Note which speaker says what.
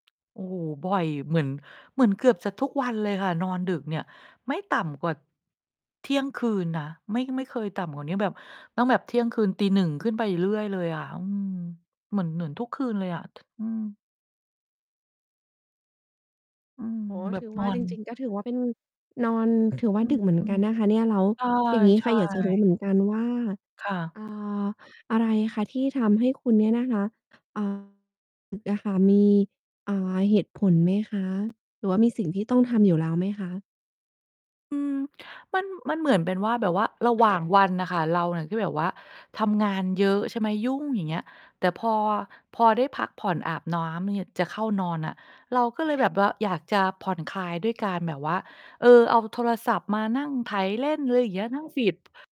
Speaker 1: โอ้โฮ บ่อยเหมือน เหมือนเกือบจะทุกวันเลยค่ะ นอนดึกเนี่ย ไม่ต่ำกว่า เที่ยงคืนนะ ไม่ ไม่เคยต่ำกว่าเนี้ย แบบ ต้องแบบ เที่ยงคืน ตี 1 ขึ้นไปเรื่อยเลยอะ อืม เหมือน เหมือนทุกคืนเลยอะ ท อืม อืม
Speaker 2: โอ้โฮ
Speaker 1: แบ
Speaker 2: ถ
Speaker 1: บ
Speaker 2: ือ
Speaker 1: น
Speaker 2: ว่
Speaker 1: อ
Speaker 2: า จ
Speaker 1: น
Speaker 2: ริง ๆ ก็ถือว่า เป็น นอน ถือว่
Speaker 1: อื
Speaker 2: า ด
Speaker 1: อ
Speaker 2: ึกเหมื
Speaker 1: อ
Speaker 2: อน
Speaker 1: ื
Speaker 2: กั
Speaker 1: ม
Speaker 2: นนะคะเนี่ย แล้ว
Speaker 1: ใช่
Speaker 2: อย่างงี้
Speaker 1: ใช
Speaker 2: ค่
Speaker 1: ่
Speaker 2: ะ อยากจะรู้เหมือนกันว่า
Speaker 1: ค่ะ
Speaker 2: อ่า อะไรคะ? ที่ทำให้คุณเนี่ยนะคะ อ่า ดึกอะค่ะ มี อ่า เหตุผลไหมคะ? หรือว่ามีสิ่งที่ต้องทำอยู่แล้วไหมคะ?
Speaker 1: อืม มัน มันเหมือนเป็นว่า แบบว่าระหว่าง วันน่ะค่ะ เราเนี่ยก็แบบว่าทำงานเยอะใช่ไหม ยุ่ง อย่างเงี้ย แต่พอ พอได้พักผ่อน อาบน้ำ เนี่ย จะเข้านอนน่ะ เราก็เลยแบบ ว่า อยากจะผ่อนคลายด้วยการแบบว่า เออ เอาโทรศัพท์มานั่งไถเล่น ไรเงี้ย นั่ง feed